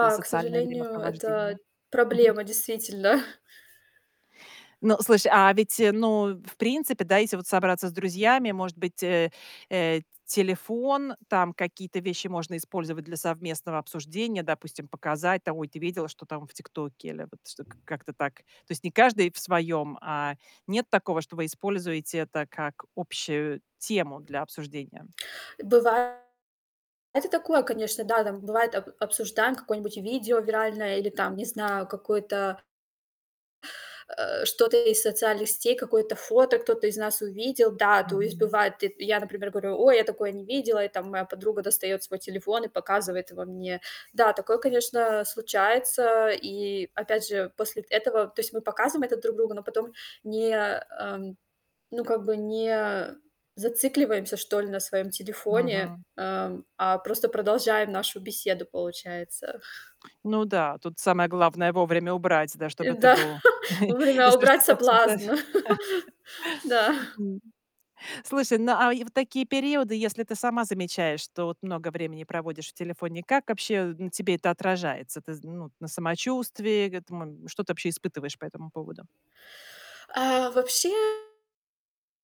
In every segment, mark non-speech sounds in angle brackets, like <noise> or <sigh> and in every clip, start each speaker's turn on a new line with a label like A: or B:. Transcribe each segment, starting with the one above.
A: Это
B: к
A: социальное
B: сожалению, это
A: времяпровождение. Мгм.
B: проблема действительно.
A: Ну, слушай, а ведь, ну, в принципе, да, если вот собраться с друзьями, может быть, э, э, т телефон, там какие-то вещи можно использовать для совместного обсуждения, допустим, показать там: "Ой, ты видела, что там в "Тиктоке"?" Или вот что как-то так. То есть не каждый в своём, а, нет такого, что вы используете это как общую тему для обсуждения?
B: Бывает и такое, конечно, да. Там бывает об обсуждаем какое-нибудь видео виральное или там, не знаю, какое-то э, что-то из социальных сетей, какое-то фото кто-то из нас увидел. Да, то есть
A: Мгм.
B: бывает. Ты я, например, говорю: "Ой, я такое не видела". И там моя подруга достает свой телефон и показывает его мне. Да, такое, конечно, случается. И опять же, после этого То есть мы показываем это друг другу, но потом не, ам, ну, как бы не зацикливаемся, что ли, на своем телефоне,
A: Мгм.
B: ам, а просто продолжаем нашу беседу, получается.
A: Ну да, тут самое главное вовремя убрать, да, чтоб
B: Э,
A: это
B: да,
A: был <chuckles>
B: вовремя
A: Если
B: убрать
A: что-то обсуждать
B: соблазн. <chuckles> Да.
A: <chuckles> М. Слушай, ну а и в такие периоды, если ты сама замечаешь, что вот много времени проводишь в телефоне, как вообще на тебе это отражается? Ты з ну вот на самочувствии г этому Что ты вообще испытываешь по этому поводу?
B: А, вообще,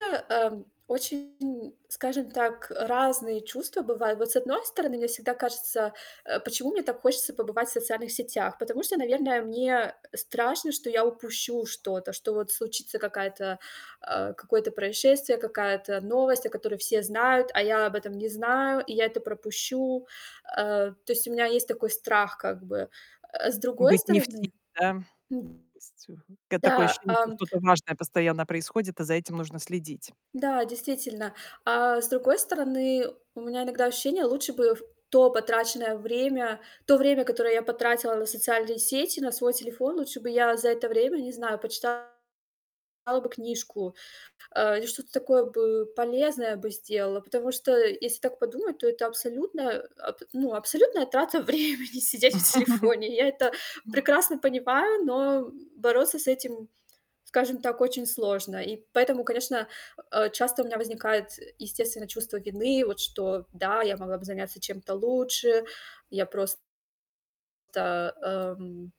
B: а, ам, очень, м, скажем так, э, разные чувства бывают. Вот с одной стороны, мне всегда кажется, э, почему мне так хочется побывать в социальных сетях? Потому что, наверное, мне страшно, что я упущу что-то, что вот случится какая-то а, какое-то происшествие, какая-то новость, о которой все знают, а я об этом не знаю и я это пропущу. А, то есть у меня есть такой страх как бы. Э, с другой
A: Быть не в теме,
B: стороны
A: да?
B: М.
A: Вз ц Когда такое
B: Да,
A: ощущение, что
B: ам
A: что-то важное постоянно происходит, а за этим нужно следить.
B: Да, действительно. А с другой стороны, у меня иногда ощущение: лучше бы в то потраченное время то время, которое я потратила на социальные сети, на свой телефон, лучше бы я за это время, не знаю, почитала бы книжку, э, или что-то такое бы полезное бы сделала. Потому что, если так подумать, то это абсолютно, аб ну, абсолютная трата времени сидеть в
A: <chuckles>
B: телефоне. Я это прекрасно понимаю, но бороться с этим, скажем так, очень сложно. И поэтому, конечно, э, а, часто у меня возникает, э, естественно, чувство вины. Вот что, да, я могла бы заняться чем-то лучше. Я просто, эм